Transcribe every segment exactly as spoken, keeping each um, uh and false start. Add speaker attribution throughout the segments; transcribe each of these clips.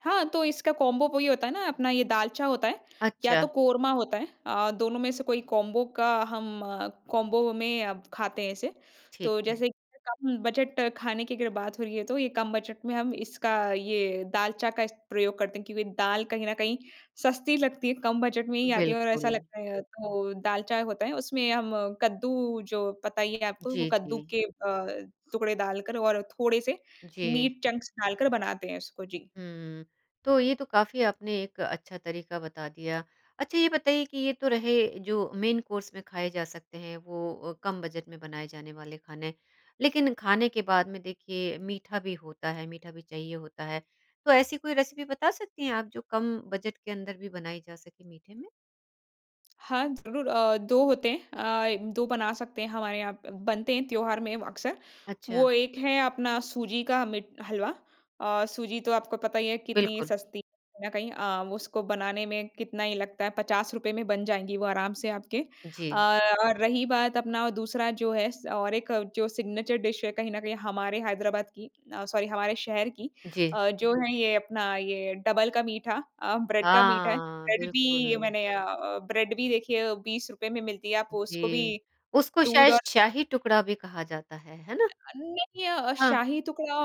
Speaker 1: हाँ, तो इसका कॉम्बो वो ही होता है ना अपना ये दालचा होता है या तो
Speaker 2: अच्छा।
Speaker 1: कोरमा होता है अ, दोनों में से कोई कॉम्बो का हम कॉम्बो में अब खाते हैं इसे।
Speaker 2: ठीक
Speaker 1: तो
Speaker 2: है।
Speaker 1: जैसे कि कम बजट खाने की अगर बात हो रही है, तो ये कम बजट में हम इसका ये दालचा का इस प्रयोग करते हैं, क्योंकि दाल कहीं न कहीं सस्ती लगती है कम बजट में ही आती है और ऐसा
Speaker 2: बिल्कुल।
Speaker 1: लगता है, तो दालचा होता है। उसमें हम कद्दू जो पता ही है आपको वो
Speaker 2: जी,
Speaker 1: कद्दू
Speaker 2: जी।
Speaker 1: के अ, टुकड़े डाल कर और थोड़े-से
Speaker 2: जी।
Speaker 1: मीट चंक्स डालकर बनाते हैं उसको जी।
Speaker 2: हुँ, तो ये तो काफ़ी आपने एक अच्छा तरीका बता दिया, अच्छा ये बताइए कि ये तो रहे जो मेन कोर्स में खाए जा सकते हैं, वो अ, कम बजट में बनाए जाने वाले खाने। लेकिन खाने के बाद में देखिए मीठा भी होता है मीठा भी चाहिए होता है, तो ऐसी कोई रेसिपी बता सकती हैं आप जो कम बजट के अंदर भी बनाई जा सके मीठे में?
Speaker 1: हाँ, ज़रूर अ, दो होते हैं अ, दो बना सकते हैं हमारे यहाँ प बनते हैं त्योहार में अक़्सर।
Speaker 2: अच्छा।
Speaker 1: वो एक है अपना सूजी का मीट हलवा अ, सूजी तो आपको पता ही है कितनी
Speaker 2: बिल्कुल।
Speaker 1: सस्ती है कहीं न कहीं अ, उसको बनाने में कितना ही लगता है पचास रुपए में बन जाएगी वो आराम से आपके। अ,
Speaker 2: जी।
Speaker 1: और रही बात अपना दूसरा जो है स और एक जो सिग्नेचर डिश है कहीं न कहीं हमारे हैदराबाद की अ, सॉरी हमारे शहर की
Speaker 2: जी।
Speaker 1: अ, जो है ये अपना ये डबल का मीठा अ, ब्रेड का मीठा है,
Speaker 2: हाँ,
Speaker 1: ब्रेड भी
Speaker 2: बिल्कुल।
Speaker 1: मैंने अ अ, ब्रेड भी देखिए बीस रुपए में मिलती है, आप उसको भी
Speaker 2: जी, उसको
Speaker 1: दूध और
Speaker 2: शायश शाही टुकड़ा भी कहा जाता है, है ना?
Speaker 1: अ, नहीं अ अ,
Speaker 2: हाँ।
Speaker 1: शाही टुकड़ा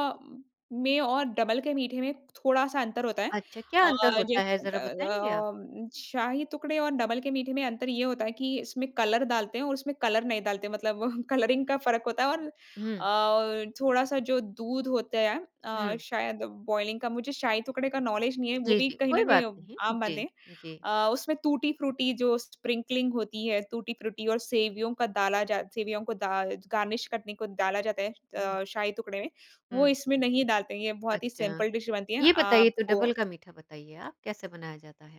Speaker 1: में और डबल के मीठे में थोड़ा-सा अंतर होता है।
Speaker 2: अच्छा, क्या
Speaker 1: अ,
Speaker 2: अंतर होता है,
Speaker 1: जैसे होता
Speaker 2: ज़रा
Speaker 1: है
Speaker 2: बताएँगे आप?
Speaker 1: अ, उम, शाही टुकड़े और डबल के मीठे में अंतर ये होता है कि इसमें कलर डालते हैं और उसमें कलर नहीं डालते हैं मतलब कलरिंग का फ़र्क होता है। और
Speaker 2: हुँ।
Speaker 1: अ, थोड़ा-सा जो दूध होता है अ,
Speaker 2: हुँ।
Speaker 1: शायद बॉयलिंग का मुझे शाही टुकड़े का नॉलेज़ नहीं है वो
Speaker 2: जी,
Speaker 1: भी
Speaker 2: जी,
Speaker 1: कहीं न
Speaker 2: कोई
Speaker 1: कहीं
Speaker 2: बात
Speaker 1: अ,
Speaker 2: नहीं।
Speaker 1: आम बात
Speaker 2: जी,
Speaker 1: है।
Speaker 2: जी।
Speaker 1: अ, उसमें टूटी-फ्रूटी जो स्प्रिंकलिंग होती है, टूटी-फ्रूटी और सेवियों का डाला जा सेवियों को दा ज गार्निश करने को डाला जाता है
Speaker 2: हुँ।
Speaker 1: अ, शाही टुकड़े में, वो
Speaker 2: हुँ।
Speaker 1: इसमें नहीं डालते हैं। ये बहुत ही
Speaker 2: अच्छा,
Speaker 1: सिंपल डिश बनती है,
Speaker 2: ये बताइए तो डबल
Speaker 1: आपको
Speaker 2: का मीठा बताइए आप कैसे बनाया जाता है?